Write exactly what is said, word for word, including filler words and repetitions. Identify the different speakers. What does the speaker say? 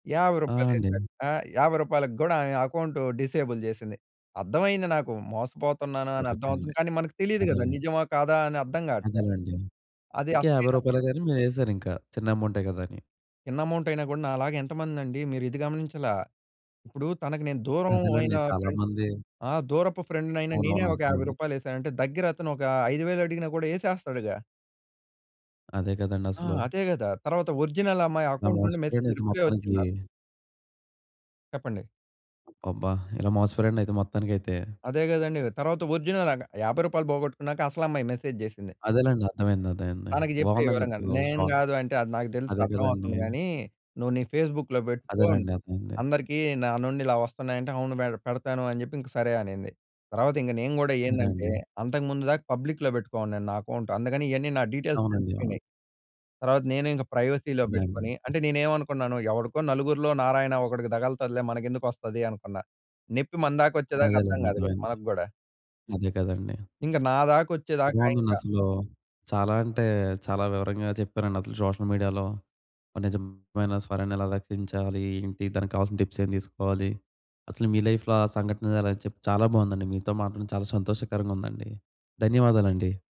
Speaker 1: యాభై
Speaker 2: ఆ!
Speaker 1: రూపాయలేసా.
Speaker 2: అండి.
Speaker 1: ఆహ్, యాభై రూపాయలు గ్గూడా ఆ అకౌంట్ డిసేబుల్ జేసింది. అర్థమైయింది నాకు మోసపోతున్నాను అని
Speaker 2: సరిపోయింది.
Speaker 1: అర్థమవుతుంది. కానీ మనకు తెలీదు గదా!
Speaker 2: అదేలేండి.
Speaker 1: నిజమా కాదా అని అర్థం గాట్లా.
Speaker 2: అదేలేండి.
Speaker 1: అది
Speaker 2: ఇంకా యాభై
Speaker 1: [unintelligible]
Speaker 2: రూపాయలేగా అని మీరు ఎసారు ఇంకా. చిన్న అమౌంటే గదా! అని.
Speaker 1: చిన్న అమౌంట్ అయినా గూడా నాలాగ ఎంతమందండి, మీరు ఇది గమనించలా. ఇప్పుడు తనకి నేను దూరం అయిన
Speaker 2: అదేలెండి. చాలా
Speaker 1: ఫ్రెండ్
Speaker 2: మంది
Speaker 1: ఆ! దూరపు ఫ్రెండ్‌నైన నేనే
Speaker 2: అవునవును,
Speaker 1: ఒక యాభై
Speaker 2: అర్థమైంది.
Speaker 1: రూపాయలేసానంటే దగ్గర అతను ఒక ఐదు వేలు అడిగినా గూడా యేసేస్తాడుగా?
Speaker 2: అదే
Speaker 1: ఆ!
Speaker 2: గదండసలు.
Speaker 1: అదే గదా! తర్వాత ఒరిజినల్ అమ్మాయి
Speaker 2: అలా
Speaker 1: అకౌంట్ నుండి మెసేజ్
Speaker 2: మోసపోయారండైతే
Speaker 1: రిప్లై
Speaker 2: మొత్తానికి.
Speaker 1: వచ్చింది నాకు. చెప్పండి?
Speaker 2: అబ్బాబ్బా! ఇలా మోసపోయారండి అయితే మొత్తానికయితే.
Speaker 1: అదే గదండీ! తర్వాత ఒరిజినల్ ఆమె యాభై రూపాయలు పోగొట్టుకున్నాక అసలమ్మాయి మెసేజ్ జేసింది.
Speaker 2: అదేలెండి. అర్ధమైంది అర్థమైంది.
Speaker 1: తనకి చెప్పే వివరంగాను.
Speaker 2: బాగుందండస్సలు.
Speaker 1: నేను
Speaker 2: షాక్!
Speaker 1: గాదు అంటే అది నాకు తెలుసు
Speaker 2: అదే గదండీ!
Speaker 1: అర్థమవుతుంది గాని, నువ్వు నీ ఫేస్బుక్‌లో పెట్టుకో,
Speaker 2: అదేలెండి, అర్థమైంది.
Speaker 1: అందరికి నా నుండి ఇలా వస్తున్నాయి అంటే, అవును మేడ్ పెడతాను అని జెప్పి ఇంక సరే అనింది. తర్వాత ఇంగక నేను గూడా ఏందంటే,
Speaker 2: అదండీ.
Speaker 1: అంతకుముందు దాకా పబ్లిక్‌‌‌‌‌‌లో పెట్టుకోనున్నాను నా అకౌంట్. అందుకని ఇయ్యన్నీ నా డీటెయిల్స్
Speaker 2: అవునండి. అవును.
Speaker 1: తెలిసిపోయినయి. తర్వాత నేను ఇంక ప్రైవసీలో
Speaker 2: అదే అండి.
Speaker 1: పెట్టుకొని, అంటే నేనేమనుకున్నాను ఎవడికో నలుగురిలో నారాయణ ఒకడికి తగుల్తదిలే మనకెందుకొస్తది అనుకున్నా. నెప్పి మన దాకా వచ్చేదాక అర్థం
Speaker 2: అదేలేండి,
Speaker 1: కాదు గదా!
Speaker 2: అర్ధమైంది.
Speaker 1: మనకు గూడా.
Speaker 2: అదే గదండీ!
Speaker 1: ఇంగ నాదాకా వచ్చేదాకా ఇంకా
Speaker 2: బావుందండసలు. చాలా అంటే చాలా వివరంగా చెప్పారండి. అసలు సోషల్ మీడియాలో ఒక నిజమైన స్వరాన్ని ఎలా రక్షించాలి? ఏంటి? దానికి కావాల్సిన టిప్స్ ఏం తీసుకోవాలి. అసలు మీ లైఫ్‌లో ఆ సంఘటన అలా చెప్ చాలా బావుందండి. మీతో మాట్లాడడం చాలా సంతోషకరంగా ఉందండి. ధన్యవాదాలండి.